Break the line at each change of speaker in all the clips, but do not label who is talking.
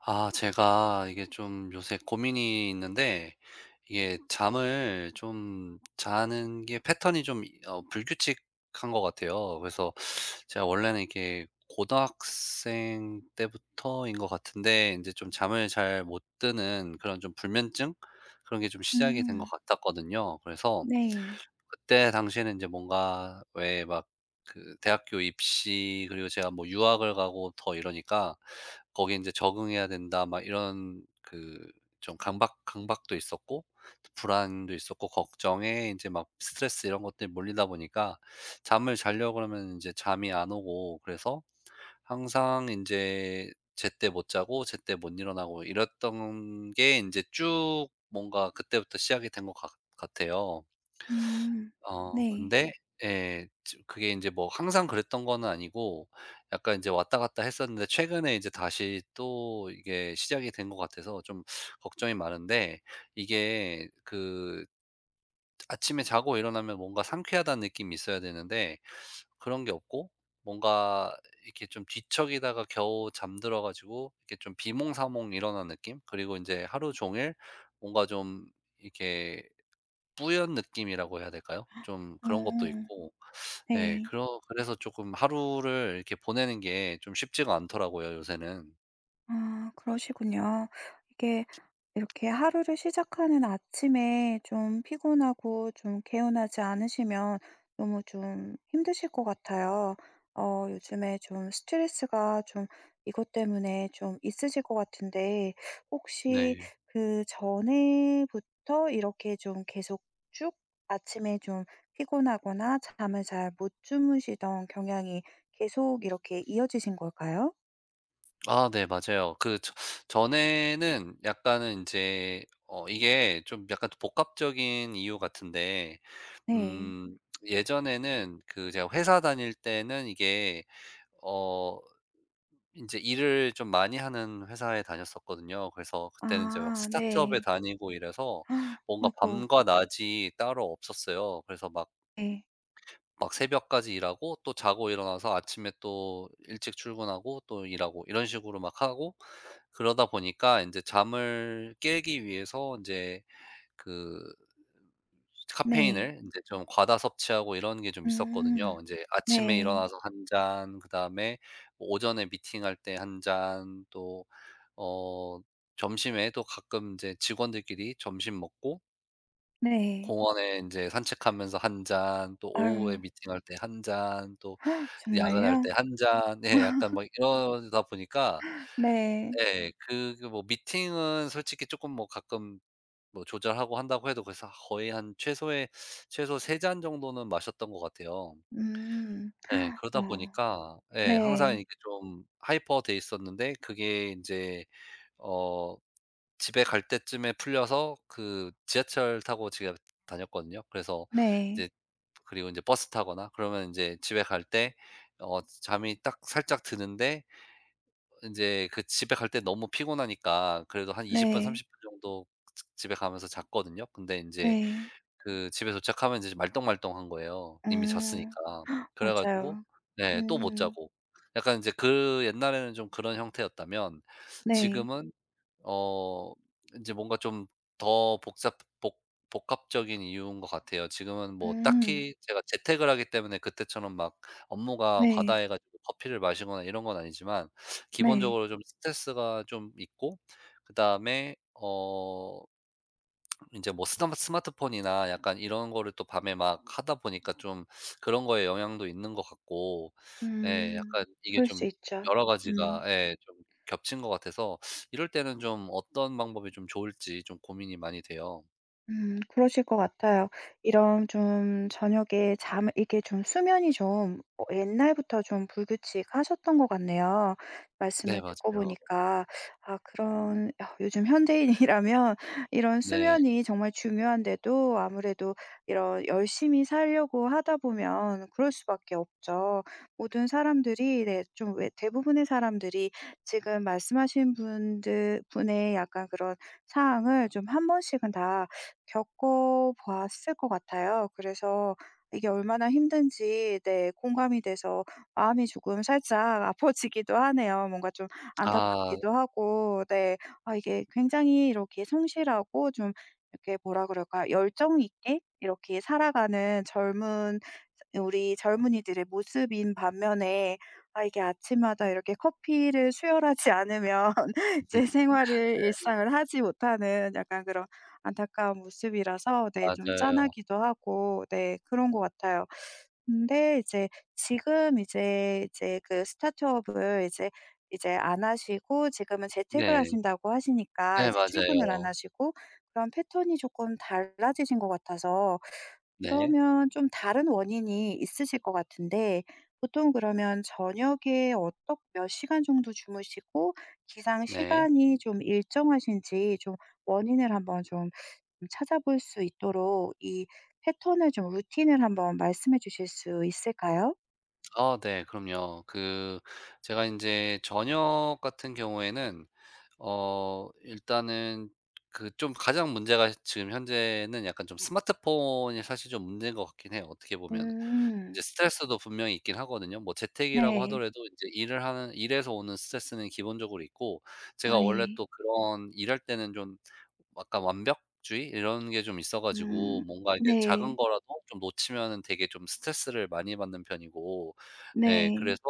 아, 제가 이게 좀 요새 고민이 있는데 이게 잠을 좀 자는 게 패턴이 좀 어 불규칙한 것 같아요. 그래서 제가 원래는 이게 고등학생 때부터인 것 같은데 인제 좀 잠을 잘 못 드는 그런 좀 불면증? 그런 게 좀 시작이 된 것
음.
같았거든요. 그래서
네.
그때 당시에는 이제 뭔가 왜 막 그 대학교 입시 그리고 제가 뭐 유학을 가고 더 이러니까 '거기에 인제 적응해야 된다.' 막 이런 그 좀 강박 강박도 있었고 불안도 있었고 걱정에 이제 막 스트레스 이런 것들이 몰리다 보니까 잠을 자려고 그러면 인제 잠이 안 오고 그래서 항상 인제 제때 못 자고 제때 못 일어나고 이랬던 게 인제 쭉 뭔가 그때부터 시작이 된 것 같 같아요.
음.
어
네.
근데 예. 지금 그게 이제 뭐 항상 그랬던 거는 아니고 약간 이제 왔다갔다 했었는데 최근에 이제 다시 또 이게 시작이 된 것 같아서 좀 걱정이 많은데 이게 그 아침에 자고 일어나면 뭔가 상쾌하다는 느낌이 있어야 되는데 그런 게 없고 뭔가 이렇게 좀 뒤척이다가 겨우 잠들어 가지고 이렇게 좀 비몽사몽 일어난 느낌 그리고 인제 하루 종일 뭔가 좀 이렇게 뿌연 느낌이라고 해야 될까요? 좀
어.
그런 것도 있고 예,
네.
그러 그래서 쪼끔 하루를 이렇게 보내는 게 좀 쉽지가 않더라고요 요새는.
아 그러시군요. 이게 이렇게 하루를 시작하는 아침에 좀 피곤하고 좀 개운하지 않으시면 너무 좀 힘드실 것 같아요. 어 요즘에 좀 스트레스가 좀 이것 때문에 좀 있으실 것 같은데 혹시
네.
그 전에부터 이렇게 좀 계속 쭉 아침에 좀 피곤하거나 잠을 잘 못 주무시던 경향이 계속 이렇게 이어지신 걸까요?
아 네 맞아요. 그 저 전에는 약간은 인제 어 이게 좀 약간 복합적인 이유 같은데
네.
음 예전에는 그 제가 회사 다닐 때는 이게 어 인제 일을 좀 많이 하는 회사에 다녔었거든요. 그래서 그때는 제가
아
스타트업에
네.
다니고 이래서 뭔가
아이고.
밤과 낮이 따로 없었어요. 그래서 막
예.
막 새벽까지 일하고 또 자고 일어나서 아침에 또 일찍 출근하고 또 일하고 이런 식으로 막 하고 그러다 보니까 인제 잠을 깨기 위해서 인제 그 스
네.
카페인을 인제 좀 과다 섭취하고 이런 게 좀 있었거든요.
음.
인제 아침에
네.
일어나서 1 잔 그다음에 오전에 미팅할 때 1 잔 또 어 점심에도 가끔 인제 직원들끼리 점심 먹고
네.
공원에 인제 산책하면서 1 잔, 또 오후에
아유.
미팅할 때 1 잔, 또 야근할
정말요?
때 1 잔 예 약간 뭐 이러다 보니까.
네.
예. 그, 그 뭐 미팅은 솔직히 쪼끔 뭐 가끔 뭐 조절하고 한다고 해도 벌써 거의 한 최소의 최소 3 잔 정도는 마셨던 것 같아요.
음.
예. 그러다
아,
보니까 예 항상
네.
이렇게 좀 하이퍼 돼 있었는데 그게 인제 어 집에 갈 때쯤에 풀려서 그 지하철 타고 집에 다녔거든요. 그래서
네.
이제 그리고 인제 버스 타거나 그러면 인제 집에 갈 때 어 잠이 딱 살짝 드는데 인제 그 집에 갈 때 너무 피곤하니까 그래도 한 20 분,
네.
30 분 정도 집에 가면서 잤거든요. 근데 인제
네.
그 집에 도착하면 인제 좀 말똥말똥한 거예요 이미
어.
잤으니까. 그래 가지고
맞아요.
네 또 못
음.
자고 약간 인제 그 옛날에는 좀 그런 형태였다면
네.
지금은 어 인제 뭔가 좀 더 복잡 복 복합적인 이유인 것 같아요. 지금은 뭐
음.
딱히 제가 재택을 하기 때문에 그때처럼 막 업무가
네.
과다해 가지고 커피를 마시거나 이런 건 아니지만
네.
기본적으로 좀 스트레스가 좀 있고 그다음에 어 인제 뭐 스남 스마트폰이나 약간 이런 거를 또 밤에 막 하다 보니까 좀 그런 거에 영향도 있는 것 같고. 예,
음.
약간 이게
그럴 수
좀
있죠.
여러
음.
가지가 예 좀 겹친 것 같아서 이럴 때는 좀 어떤 방법이 좀 좋을지 좀 고민이 많이 돼요.
음, 그러실 것 같아요. 이런 좀 저녁에 잠을 이게 좀 수면이 좀 옛날부터 좀 불규칙하셨던 것 같네요.
네,
말씀을 듣고
맞아요.
보니까. 아 그런 아 요즘 현대인이라면 이런
네.
수면이 정말 중요한데도 아무래도 이런 열심히 살려고 하다 보면 그럴 수밖에 없죠. 모든 사람들이 네, 좀 왜 대부분의 사람들이 지금 말씀하신 분들 분의 약간 그런 상황을 좀 1 번씩은 다 겪어보았을 것 같아요. 그래서 이게 얼마나 힘든지 네, 공감이 돼서 마음이 조금 살짝 아파지기도 하네요. 뭔가 좀
아.
안타깝기도 하고 네. 아, 이게 굉장히 이렇게 성실하고 좀 이렇게 뭐라 그럴까, 열정 있게 이렇게 살아가는 젊은 우리 젊은이들의 모습인 반면에 아, 이게 아침마다 이렇게 커피를 수혈하지 않으면
네.
제 생활을
[unintelligible]
일상을 하지 못하는 약간 그런 안타까운 모습이라서 네, 좀
맞아요.
짠하기도 하고, 네, 그런 것 같아요. 근데 이제 지금 이제, 이제 그 스타트업을 이제 이제 안 하시고 지금은 재택을
네.
하신다고 하시니까
네,
이제 출근을 안
맞아요.
하시고 그런 패턴이 조끔 달라지신 것 같아서
네.
그러면 좀 다른 원인이 있으실 거 같은데 보통 그러면 저녁에 어떻 몇 시간 정도 주무시고 기상
네.
시간이 좀 일정하신지 좀 원인을 한번 좀 찾아볼 수 있도록 이 패턴을 좀 루틴을 한번 말씀해 주실 수 있을까요?
어 네, 그럼요. 그 제가 인제 저녁 같은 경우에는 어 일단은 그 좀 가장 문제가 지금 현재는 약간 좀 스마트폰이 사실 좀 문제인 것 같기는 해요 어떻게 보면은.
음.
이제 스트레스도 분명히 있기는 하거든요. 뭐 재택이라고
네.
하더라도 인제 일을 하는 일에서 오는 스트레스는 기본적으로 있고 제가 원래
아이.
또 그런 일할 때는 좀 약간 완벽주의 이런 게 좀 있어 가지고
음,
뭔가 이게 작은
네.
거라도 좀 놓치면은 되게 좀 스트레스를 많이 받는 편이고 예
네.
그래서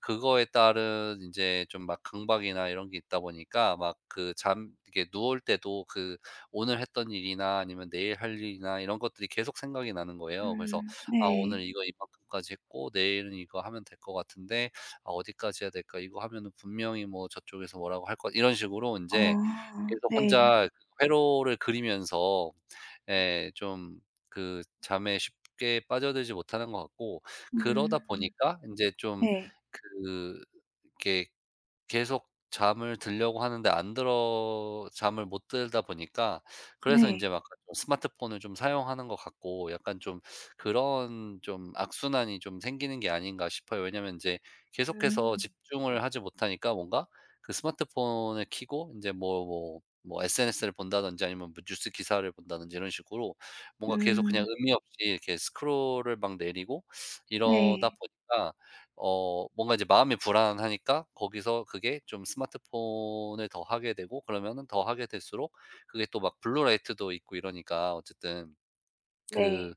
그거에 따른 인제 좀 막 강박이나 이런 게 있다 보니까 막 그 잠 이렇게 누울 때도 그 오늘 했던 일이나 아니면 내일 할 일이나 이런 것들이 계속 생각이 나는 거예요. 그래서
음
'아 오늘
네.
이거 이만큼까지 했고 내일은 이거 하면 될 것 같은데 아 어디까지 해야 될까? 이거 하면은 분명히 뭐 저쪽에서 뭐라고 할 것' 이런 식으로 인제
아
계속
네.
혼자 그거 회로를 그리면서 예 좀 그 잠에 쉽게 빠져들지 못하는 것 같고 그러다
음.
보니까 인제 좀
네.
그 이렇게 계속 잠을 들려고 하는데 안 들어 잠을 못 들다 보니까 '그래서 인제
네.
막간 좀 스마트폰을 좀 사용하는 것 같고 약간 좀 그런 좀 악순환이 좀 생기는 게 아닌가?' 싶어요. 왜냐면 인제 계속해서
음.
집중을 하지 못하니까 뭔가 그 스마트폰을 켜고 인제 뭐 뭐 뭐 SNS 를 본다든지 아니면 뭐 뉴스 기사를 본다든지 이런 식으로 뭔가 계속 그냥
음
의미 없이 이렇게 스크롤을 막 내리고 이러다
네.
보니까 어 뭔가 이제 마음이 불안하니까 거기서 그게 좀 스마트폰을 더 하게 되고 그러면은 더 하게 될수록 그게 또 막 블루 라이트도 있고 이러니까 어쨌든 그
네.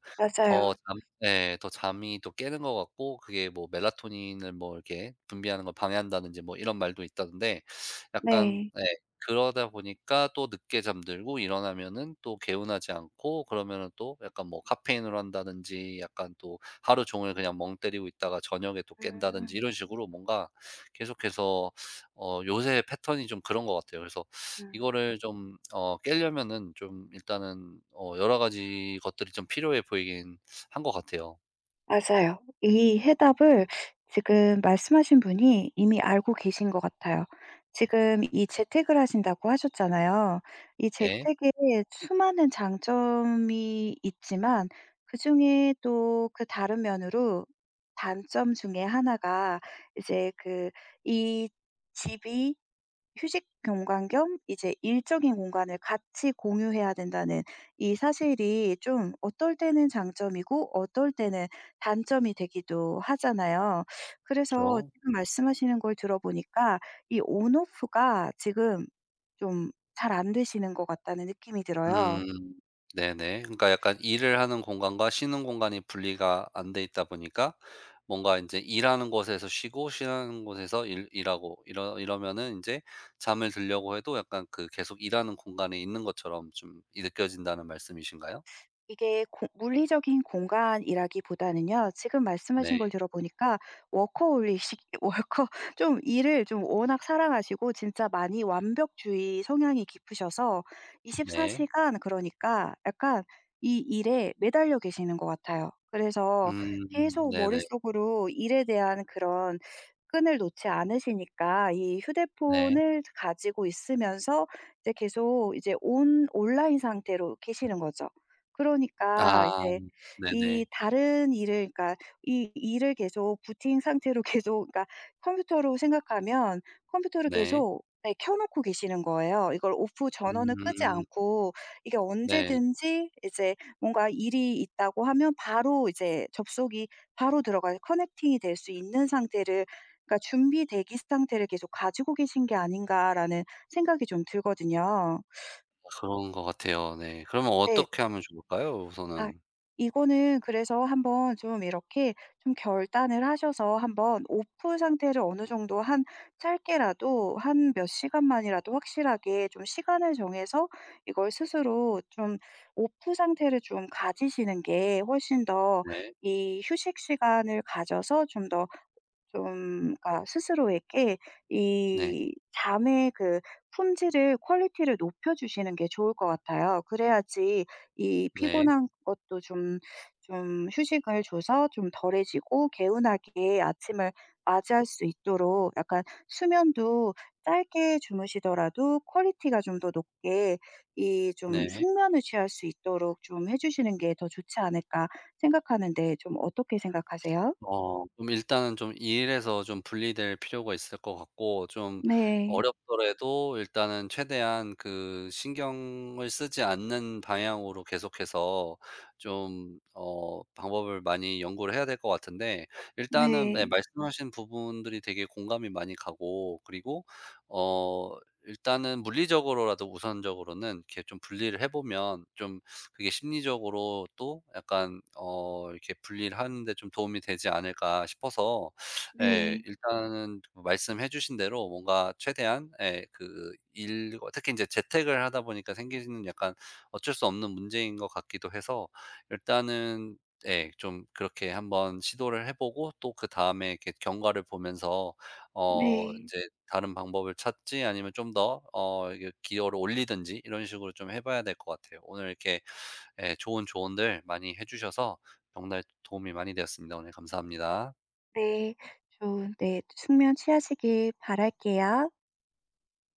더
맞아요.
잠 예 더 잠이 또 깨는 것 같고 그게 뭐 멜라토닌을 뭐 이렇게 분비하는 걸 방해한다든지 뭐 이런 말도 있던데 약간
네.
네 그러다 보니까 또 늦게 잠들고 일어나면은 또 개운하지 않고 그러면은 또 약간 뭐 카페인을 한다든지 약간 또 하루 종일 그냥 멍 때리고 있다가 저녁에 또 깬다든지
음.
이런 식으로 뭔가 계속해서 어 요새 패턴이 좀 그런 것 같아요. 그래서
음.
이거를 좀 어 깨려면은 좀 일단은 어 여러 가지 것들이 좀 필요해 보이기는 한 것 같아요.
맞아요. 이 해답을 지금 말씀하신 분이 이미 알고 계신 것 같아요. 지금 이 재택을 하신다고 하셨잖아요. 이
네.
재택의 수많은 장점이 있지만 그중에 또 그 다른 면으로 단점 중에 1가 이제 그 이 집이 휴식 공간 겸 이제 일적인 공간을 같이 공유해야 된다는 이 사실이 좀 어떨 때는 장점이고 어떨 때는 단점이 되기도 하잖아요. 그래서
그쵸.
지금 말씀하시는 걸 들어보니까 이 On Off가 지금 좀 잘 안되시는 것 같다는 느낌이 들어요.
음. 네네. 그러니까 약간 일을 하는 공간과 쉬는 공간이 분리가 안 돼있다 보니까 뭔가 이제 일하는 곳에서 쉬고 쉬는 곳에서 일 일하고 이러 이러면은 인제 잠을 들려고 해도 약간 그 계속 일하는 공간에 있는 것처럼 좀 이 느껴진다는 말씀이신가요?
이게 공 물리적인 공간이라기보다는요. 지금 말씀하신
네.
걸 들어보니까 워커홀리식 월커 좀 일을 좀 워낙 사랑하시고 진짜 많이 완벽주의 성향이 깊으셔서 24
네.
시간 그러니까 약간 이 일에 매달려 계시는 것 같아요. 그래서
음
계속
네네.
머릿속으로 일에 대한 그런 끈을 놓지 않으시니까 이
네.
휴대폰을 가지고 있으면서 이제 계속 이제 온 온라인 상태로 계시는거죠.
아
그러니까 이제
네네.
이 다른 일을 그러니까 이 일을 계속 Booting 상태로 계속 그러니까 컴퓨터로 생각하면 컴퓨터를
네.
계속, 네, 켜놓고 계시는 거예요. 이걸' off 전원을 끄지
음.
않고, 이게
네.
언제든지 이제 뭔가 일이 있다고 하면 바로 이제 접속이 바로 들어가 Connecting이 될 수 있는 상태를 그러니까 준비 대기 상태를 계속 가지고 계신 게 아닌가.'라는 생각이 좀 들거든요.
그런 거 같아요 네. 그러면
네.
어떻게 하면 좋을까요
아,
우선은?
이거는 그래서 한번 좀 이렇게 좀 결단을 하셔서 한번 off 상태를 어느 정도 한 짧게라도 한 몇 시간만이라도 확실하게 좀 시간을 정해서 이걸 스스로 좀 off 상태를 좀 가지시는 게 훨씬 더
네.
이 휴식 시간을 가져서 좀 더 좀 그러니까 스스로에게
네.
이 잠에 그 품질을 퀄리티를 높여주시는 게 좋을 것 같아요. 그래야지 이
네.
피곤한 것도 좀 좀 휴식을 줘서 좀 덜해지고 개운하게 아침을 맞이할 수 있도록 약간 수면도 짧게 주무시더라도 퀄리티가 좀 더 높게 이 좀
네.
숙면을 취할 수 있도록 좀 해주시는 게 더 좋지 않을까 생각하는데 좀 어떻게 생각하세요?
어 좀 일단은 좀 일에서 좀 분리될 필요가 있을 것 같고 좀
네.
어렵더라도 일단은 최대한 그 신경을 쓰지 않는 방향으로 계속해서 좀 어 방법을 많이 연구를 해야 될 것 같은데 일단은 네.
네.
말씀하신 부분들이 되게 공감이 많이 가고 그리고 어 일단은 물리적으로라도 우선적으로는 이렇게 좀 분리를 해보면 좀 그게 심리적으로 또 약간 어 이렇게 분리를 하는데 좀 도움이 되지 않을까 싶어서 예.
네.
일단은 말씀해주신 대로 뭔가 최대한 예 그 일과 특히 인제 재택을 하다 보니까 생기는 약간 어쩔 수 없는 문제인 것 같기도 해서 일단은 예. 좀 그렇게 한번 시도를 해보고 또 그다음에 이렇게 경과를 보면서 어
네.
인제 다른 방법을 찾을지 아니면 좀 더 어 기여를 올리든지 이런 식으로 좀 해봐야 될 것 같아요. 오늘 이렇게 예 좋은 조언들 많이 해주셔서 정말 도움이 많이 되었습니다. 오늘 감사합니다.
네. 좀 네. 숙면 취하시길 바랄게요.